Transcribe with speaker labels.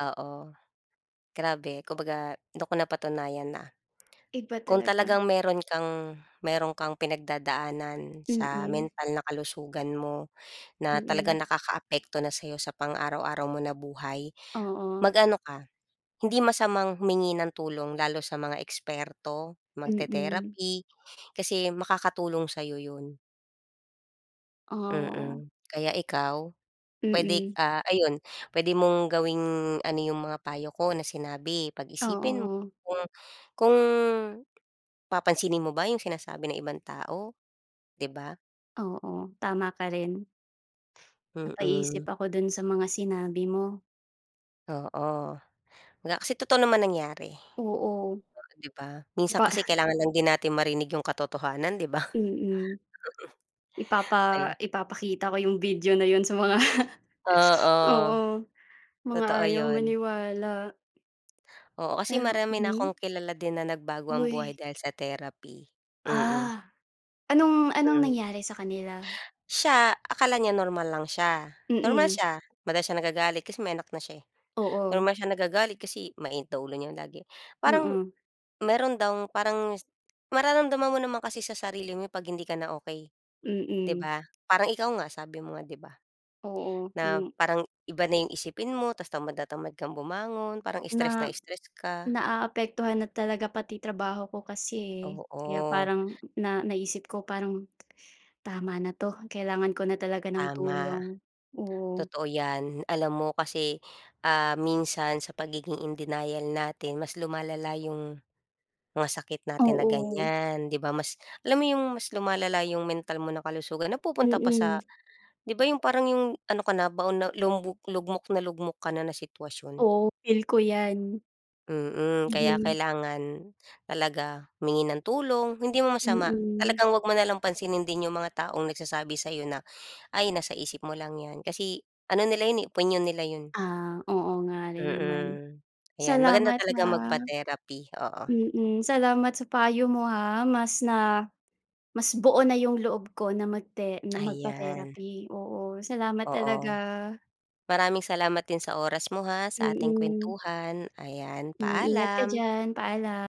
Speaker 1: Oo, grabe, kung baga dun ko napatunayan na
Speaker 2: Iba
Speaker 1: kung
Speaker 2: talaga.
Speaker 1: talagang meron kang meron kang pinagdadaanan sa
Speaker 2: Mm.
Speaker 1: mental na kalusugan mo na talagang
Speaker 2: Mm.
Speaker 1: nakakaapekto na sa'yo sa pang araw-araw mo na buhay,
Speaker 2: Oo.
Speaker 1: mag-ano ka hindi masamang humingi ng tulong lalo sa mga eksperto,
Speaker 2: Mm.
Speaker 1: magte-therapy, kasi makakatulong sa'yo yun.
Speaker 2: Ah.
Speaker 1: Mm, kaya ikaw, pwede,
Speaker 2: Mm.
Speaker 1: ah, ayun, pwede mong gawing ano yung mga payo ko na sinabi, pag-isipin mo
Speaker 2: Oo.
Speaker 1: kung kung papansinin mo ba yung sinasabi ng ibang tao, di ba?
Speaker 2: Oo, tama ka rin. Napaisip
Speaker 1: Mm.
Speaker 2: ako dun sa mga sinabi mo.
Speaker 1: Oo, nga kasi totoo naman nangyari,
Speaker 2: Oo.
Speaker 1: o di ba, minsan
Speaker 2: Ipa
Speaker 1: kasi kailangan lang din natin marinig yung katotohanan, 'di ba?
Speaker 2: Mm.
Speaker 1: Mm.
Speaker 2: Ipapa
Speaker 1: Ayun.
Speaker 2: ipapakita ko yung video na yun sa mga
Speaker 1: Oo.
Speaker 2: oo, mga
Speaker 1: Totoo
Speaker 2: ayaw
Speaker 1: yun.
Speaker 2: maniwala.
Speaker 1: Oo, kasi
Speaker 2: Pero
Speaker 1: marami na
Speaker 2: mhm.
Speaker 1: akong kilala din na nagbago ang buhay
Speaker 2: Uy.
Speaker 1: dahil sa therapy, mm.
Speaker 2: Ah, anong anong
Speaker 1: Hmm.
Speaker 2: nangyari sa kanila?
Speaker 1: Siya, akala niya normal lang siya, normal
Speaker 2: Mm.
Speaker 1: siya. Madalas siya nagagalit kasi may anak na siya, eh,
Speaker 2: Oo.
Speaker 1: normal siya nagagalit kasi mainit daw ulo niya lagi. Parang
Speaker 2: Mm.
Speaker 1: meron daw parang mararamdaman mo naman kasi sa sarili mo 'pag hindi ka na okey, di
Speaker 2: Mm.
Speaker 1: ba? Parang ikaw nga, sabi mo nga, di ba,
Speaker 2: Oo,
Speaker 1: na
Speaker 2: hmm.
Speaker 1: parang iba na yung isipin mo ta's tamad na tamad kang bumangon, parang stress na
Speaker 2: Na
Speaker 1: stress ka.
Speaker 2: naaapektuhan na talaga pati trabaho ko kasi kaya
Speaker 1: Oo.
Speaker 2: parang na naisip ko parang, "tama na 'to, kailangan ko na talaga ng
Speaker 1: Tama.
Speaker 2: tulong," oo.
Speaker 1: Totoo yan, alam mo kasi, ah, minsan sa pagiging in denial natin mas lumalala yung mga sakit natin na
Speaker 2: Oo.
Speaker 1: ganiyan, di ba, mas alam mo yung mas lumalala yung mental mo na kalusugan, napupunta pa
Speaker 2: Mm.
Speaker 1: sa di ba, yung parang yung ano ka na, baon na lumubu lugmok na lugmok ka na na sitwasyon.
Speaker 2: Oo, feel ko yan.
Speaker 1: Mm, kaya
Speaker 2: Mhm.
Speaker 1: kailangan talaga humingi ng tulong hindi mo masama,
Speaker 2: Mm.
Speaker 1: talagang 'wag mo nalang pansinin din yung mga taong nagsasabi sa'yo na, "Ay, nasa isip mo lang 'yan," kasi ano nila 'yon, opinyon nila yun.
Speaker 2: Ah, oo nga rin naman,
Speaker 1: Mm, ayan, maganda
Speaker 2: salamat
Speaker 1: talaga
Speaker 2: ha,
Speaker 1: magpa-therapy, oo.
Speaker 2: mm. Salamat sa payo mo ha, mas na mas buo na yung loob ko na magte na
Speaker 1: Ayan.
Speaker 2: magpa-therapy, oo. Salamat talaga.
Speaker 1: Oo, maraming salamat din sa oras mo ha sa ating
Speaker 2: Mm.
Speaker 1: kwentuhan, ayan.
Speaker 2: Hmm, ingat ka
Speaker 1: Paalam.
Speaker 2: diyan. Paalam.